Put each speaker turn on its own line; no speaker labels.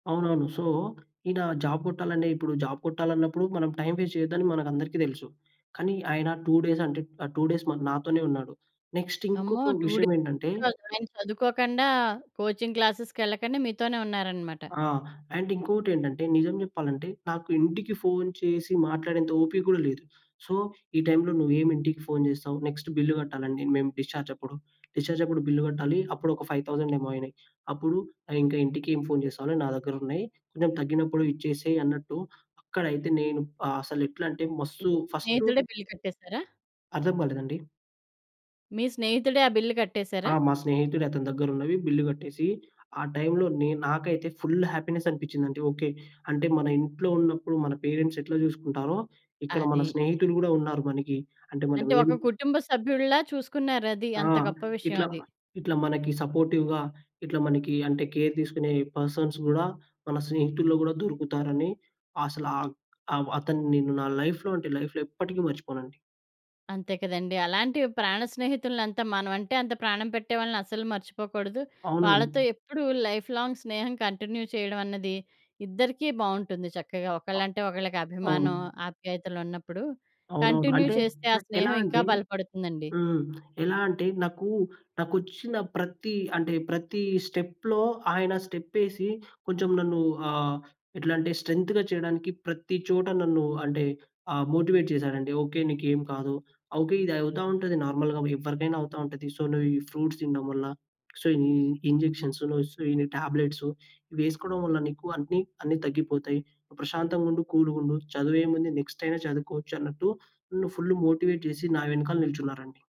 అవునవును. సో, ఈయన జాబ్ కొట్టాలంటే, ఇప్పుడు జాబ్ కొట్టాలన్నప్పుడు. మనం టైమ్ వేస్ట్ చేయొద్దని మనకందరికి తెలుసు. కానీ ఆయన 2 డేస్ అంటే ఆ 2 డేస్ మరి నాతోనే ఉన్నాడు. నెక్స్ట్
అమ్మో!
ఇంకొక
2 డేస్
విషయం ఏంటంటే
[unintelligible] చదువుకోకుండా కోచింగ్ క్లాసెస్‌కేళ్ళకుండా మీతోనే ఉన్నారనమాట.
ఆ! అండ్ ఇంకో‌టెంటంటే, నిజం చెప్పాలంటే, నాకు ఇంటికి ఫోన్ చేసి మాట్లాడేంత ఓపిక కూడా లేదు. సో, ఈ టైమ్‌లో నువ్వేమి ఇంటికి ఫోన్ చేస్తావు. నెక్స్ట్ బిల్లు కట్టాలండి. మేము డిశ్చార్జ్ అప్పుడు. డిశ్చార్జ్ అప్పుడు బిల్లు కట్టాలి. అప్పుడు ఒక 5000 ఏమో అయినాయి. అప్పుడు ఇంకా ఇంటికి ఏం ఫోన్ చేస్తావని నా దగ్గరున్నాయి. కొంచెం తగ్గినప్పుడు ఇచ్చేసేయ్ అన్నట్టు. అక్కడయితే నేను అసలు ఎట్లంటే
మీ
మస్తు ఫస్టు
స్నేహితుడే బిల్ కట్టేసారా?
అర్థం కాలేదండి.
మీ స్నేహితుడే ఆ బిల్ కట్టేసారా?
ఆ! మా స్నేహితుడు అతని దగ్గరున్నవి బిల్లు కట్టేసి ఆ టైమ్‌‌లో నే నాకైతే ఫుల్ హ్యాపీనెస్ అనిపిచిందండి. ఓకే. అంటే మన ఇంట్లో ఉన్నప్పుడు మన పేరెంట్స్ ఎట్లా చూసుకుంటారో, ఇక్కడ మన
అది.
స్నేహితులు కూడా ఉన్నారు మనకి అంటే మనం
అంటే
ఏం
ఒక కుటుంబ సభ్యుడిలా చూసుకున్నారది.
ఆ!
అంత గొప్ప
ఇట్లా
విషయమది.
ఇట్లా మనకి సపోర్టివ్‌గా, ఇట్లా మనకి అంటే కేర్ తీసుకునే పర్సన్స్ కూడా మన స్నేహితుల్లో కూడా దొరుకుతారని, అసలు ఆ అవ్ అతను నిన్ను నా లైఫ్‌లో అంటే లైఫ్‌లో ఎప్పటికీ మర్చిపోనండి.
అంతే కదండీ! అలాంటి ప్రాణ స్నేహితులంతా మనమంటే, అంత ప్రాణం పెట్టే వాళ్ళని అస్సలు మర్చిపోకూడదు. వాళ్ళతో
అవునవును.
ఎప్పుడు లైఫ్‌లాంగ్ స్నేహం కంటిన్యూ చేయడమన్నది ఇద్దరికీ బావుంటుంది. చక్కగా
అ
ఒకళ్ళంటే ఒకళ్ళకి అభిమానం,
అవును.
ఆప్యాయతలున్నప్పుడు
అవునవును.
కంటిన్యూ
అంటే
చేస్తే ఆ
నాకు ఎలా
స్నేహం ఇంకా
అంటే
బలపడుతుందండి.
హ్మ్. ఎలా అంటే నాకు నాకొచ్చిన ప్రతి అంటే ప్రతి స్టెప్‌లో ఆయన స్టెప్పేసి కొంచెం నన్ను ఆహ్, ఎట్లంటే స్ట్రెంగ్త్‌గా చేయడానికి ప్రతి చోట నన్ను అంటే ఆ మోటివేట్ చేసాడండి. ఓకే. నీకేం కాదు. ఓకే. ఇది అవుతా ఉంటది. నార్మల్‌గా ఎవ్వరికైనా అవుతా ఉంటది. సో, నువ్వు ఈ ఫ్రూట్స్ తినడం వల్ల. సో, ఈ ఇంజెక్షన్సు‌ను స్ ఈ టాబ్లెట్సు వేసుకోవడం వల్ల నీకు అన్ని అన్ని తగ్గిపోతాయి. ప్రశాంతంగా ఉండు కూల్‌గుండు. చదువేముంది నెక్స్ట్ అయినా చదువుకోవచ్చన్నట్టు. ఫుల్ ఫుల్ మోటివేట్ చేసి నా వెనకాల నిల్చున్నారండి.